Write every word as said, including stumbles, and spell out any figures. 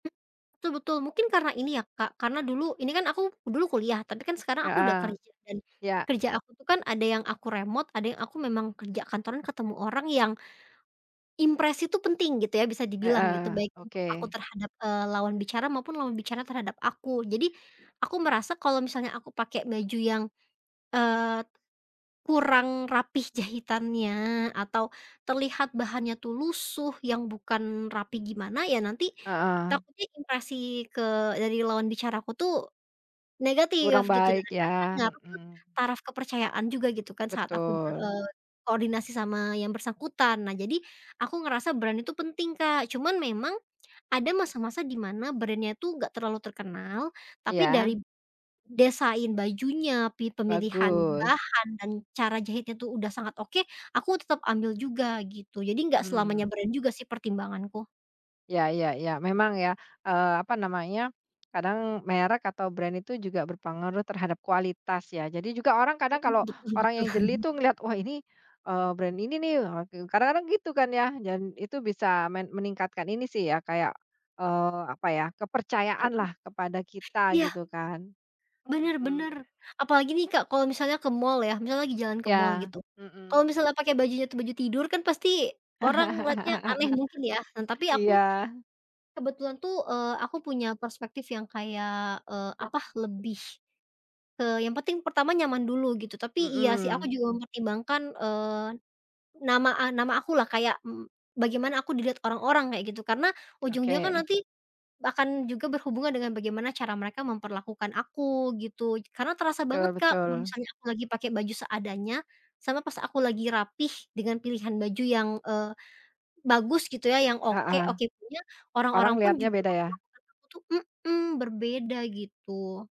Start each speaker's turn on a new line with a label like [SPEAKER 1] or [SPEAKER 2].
[SPEAKER 1] Betul betul. Mungkin karena ini ya, Kak, karena dulu ini kan aku dulu kuliah, tapi kan sekarang aku udah
[SPEAKER 2] Heeh.
[SPEAKER 1] kerja, dan
[SPEAKER 2] Ya.
[SPEAKER 1] kerja aku tuh kan, ada yang aku remot, ada yang aku memang kerja kantoran ketemu orang yang, impresi tuh penting gitu, ya, bisa dibilang, gitu.
[SPEAKER 2] Heeh.
[SPEAKER 1] Baik untuk aku
[SPEAKER 2] Oke.
[SPEAKER 1] terhadap, eee, lawan bicara, maupun lawan bicara terhadap aku. Jadi, aku merasa, kalau misalnya aku pakai baju yang, eee, kurang rapi jahitannya, atau terlihat bahannya tuh lusuh, yang bukan rapi gimana, ya nanti
[SPEAKER 2] Heeh.
[SPEAKER 1] takutnya, impresi ke dari lawan bicara aku tuh,
[SPEAKER 2] Kurang
[SPEAKER 1] negatif, gitu. Dan
[SPEAKER 2] baik,
[SPEAKER 1] akhirnya kan
[SPEAKER 2] ya?
[SPEAKER 1] ngaruh ke
[SPEAKER 2] Mhm.
[SPEAKER 1] taraf kepercayaan juga, gitu kan, saat aku ber,
[SPEAKER 2] Betul.
[SPEAKER 1] eee, koordinasi sama yang bersangkutan. Nah, jadi, aku ngerasa brand itu penting, Kak. Cuman memang, ada masa-masa di mana brand-nya tuh nggak terlalu terkenal, tapi dari
[SPEAKER 2] Iya?
[SPEAKER 1] desain bajunya, pi pemilihan
[SPEAKER 2] Bagus.
[SPEAKER 1] bahan, dan cara jahitnya tuh udah sangat oke, aku tetap ambil juga, gitu. Jadi nggak
[SPEAKER 2] Hmm.
[SPEAKER 1] selamanya brand juga sih, pertimbanganku.
[SPEAKER 2] Ya ya ya. Memang ya, Eee, apa namanya, kadang merek, atau brand, itu juga berpengaruh terhadap kualitas, ya? Jadi, juga orang kadang
[SPEAKER 1] Mhm,
[SPEAKER 2] kalau
[SPEAKER 1] betul
[SPEAKER 2] orang yang jeli
[SPEAKER 1] betul.
[SPEAKER 2] tuh, ngelihat, "Wah, ini, eee, brand ini nih!" Ah gu kadang-kadang gitu kan, ya? Dan itu bisa men meningkatkan ini sih ya, kayak, eee, apa ya,
[SPEAKER 1] Heeh.
[SPEAKER 2] kepercayaan lah, kepada kita
[SPEAKER 1] Iya!
[SPEAKER 2] gitu, kan?
[SPEAKER 1] Bener bener.
[SPEAKER 2] Mhm.
[SPEAKER 1] Apalagi nih, Kak, kalau misalnya ke mall, ya? Misalnya lagi jalan ke mall,
[SPEAKER 2] Iya.
[SPEAKER 1] gitu. Kalau
[SPEAKER 2] Mhm.
[SPEAKER 1] misalnya pakai bajunya tuh baju tidur kan pasti orang ngeliatnya aneh mungkin, ya? Nah, tapi aku,
[SPEAKER 2] Iya.
[SPEAKER 1] kebetulan tuh, eee, aku punya perspektif yang kayak, eee, apa, lebih ke yang penting pertama nyaman dulu, gitu. Tapi, iya sih, aku
[SPEAKER 2] Mhm.
[SPEAKER 1] juga mempertimbangkan, eee, nama a nama aku lah. Kayak, m bagaimana aku dilihat orang-orang, kayak gitu. Karena ujung-ujungnya kan
[SPEAKER 2] Oke.
[SPEAKER 1] nanti, akan juga berhubungan dengan bagaimana cara mereka memperlakukan aku, gitu. Karena terasa banget,
[SPEAKER 2] tul
[SPEAKER 1] Kak. Kalo
[SPEAKER 2] betul.
[SPEAKER 1] misalnya aku lagi pakai baju seadanya, sama pas aku lagi rapi, dengan pilihan baju yang, eee, bagus, gitu, ya? Yang oke
[SPEAKER 2] Heeh.
[SPEAKER 1] oke punya, orang-orang
[SPEAKER 2] Orang
[SPEAKER 1] pun
[SPEAKER 2] lihatnya
[SPEAKER 1] juga
[SPEAKER 2] beda, ya?
[SPEAKER 1] memperlakukan aku tuh mhm. Berbeda, gitu.